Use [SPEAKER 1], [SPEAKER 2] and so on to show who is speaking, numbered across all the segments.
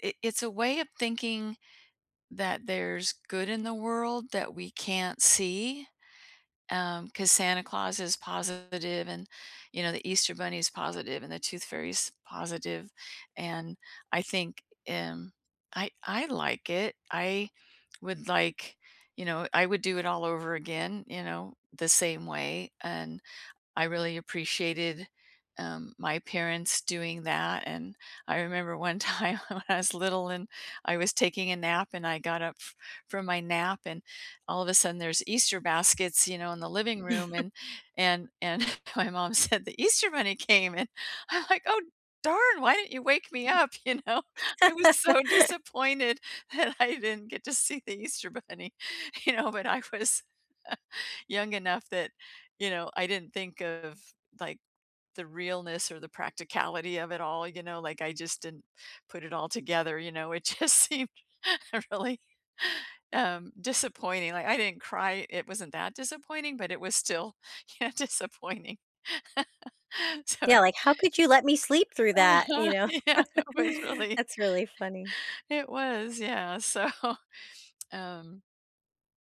[SPEAKER 1] It it's a way of thinking that there's good in the world that we can't see, um, 'cause Santa Claus is positive and, you know, the Easter bunny's positive, and the Tooth Fairy's positive, and I think, um, I I I like it. I would, like, you know I would do it all over again, you know, the same way, and I really appreciated, um, my parents doing that, and I remember one time when I was little, and I was taking a nap and I got up f from my nap, and, all of a sudden, there's Easter baskets, you know, in the living room, and and and my mom said, "The Easter bunny came!" And, I'm, like, "Oh darn! Why didn't you wake me up," you know, I was so disappointed that I didn't get to see the Easter bunny, you know, but, I was young enough that, you know, I didn't think of, like, the realness or the practicality of it all, you know, like, I just didn't put it all together, you know, it just seemed really, um, disappointing, like, I didn't cry it wasn't that disappointing, but, it was still, you know, disappointing, so
[SPEAKER 2] Yeah, like, "How could you let me sleep through that?" you
[SPEAKER 1] Uh-huh,
[SPEAKER 2] know,
[SPEAKER 1] yeah, it was really
[SPEAKER 2] that's really funny.
[SPEAKER 1] it was, yeah, so, um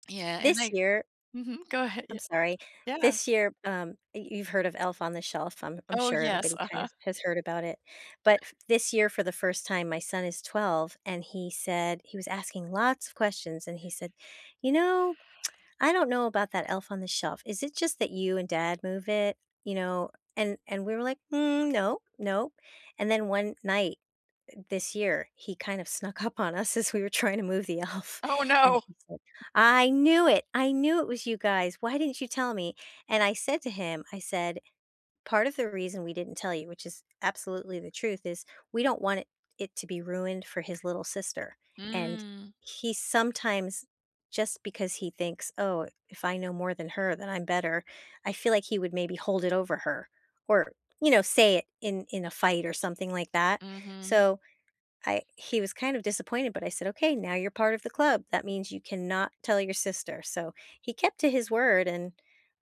[SPEAKER 1] yeah, and
[SPEAKER 2] This
[SPEAKER 1] I
[SPEAKER 2] year
[SPEAKER 1] mhm, go ahead,
[SPEAKER 2] I'm
[SPEAKER 1] ye
[SPEAKER 2] sorry,
[SPEAKER 1] yeah.
[SPEAKER 2] this year, um, you you've heard of Elf on the Shelf, I'm I'm
[SPEAKER 1] Oh,
[SPEAKER 2] sure
[SPEAKER 1] yes,
[SPEAKER 2] everybody, kind
[SPEAKER 1] uh-huh.
[SPEAKER 2] of, has heard about it, but this year for the 1st, time my son is 12, and he said he was asking lots of questions, and he said, "You know, I don't know about that Elf on the Shelf, is it just that you and dad move it?" You know, and and we were like, "Mm, no, no" and then 1 night, eh, this year, he kind of snuck up on us as we were trying to move the elf,
[SPEAKER 1] Oh,
[SPEAKER 2] and
[SPEAKER 1] no!
[SPEAKER 2] he said, "I knew it! I knew it was you guys. Why didn't you tell me?" and I said to him, I said, "Part of the reason we didn't tell you," which is absolutely the truth, is, we don't want it it to be ruined for his little sister, and
[SPEAKER 1] Mm.
[SPEAKER 2] he sometimes just because he thinks, "Oh, if I know more than her, then I'm better," I feel like he would maybe hold it over her, or, you know, say it in in a fight or something like that,
[SPEAKER 1] Mhm.
[SPEAKER 2] so I he was, kind of disappointed, but I said, "Okay, now you're part of the club. That means you cannot tell your sister," so he kept to his word, and,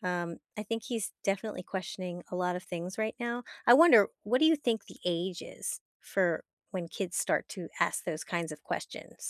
[SPEAKER 2] um, I think he's definitely questioning a lot of things right now. I wonder, what do you think the age is for when kids start to ask those kinds of questions?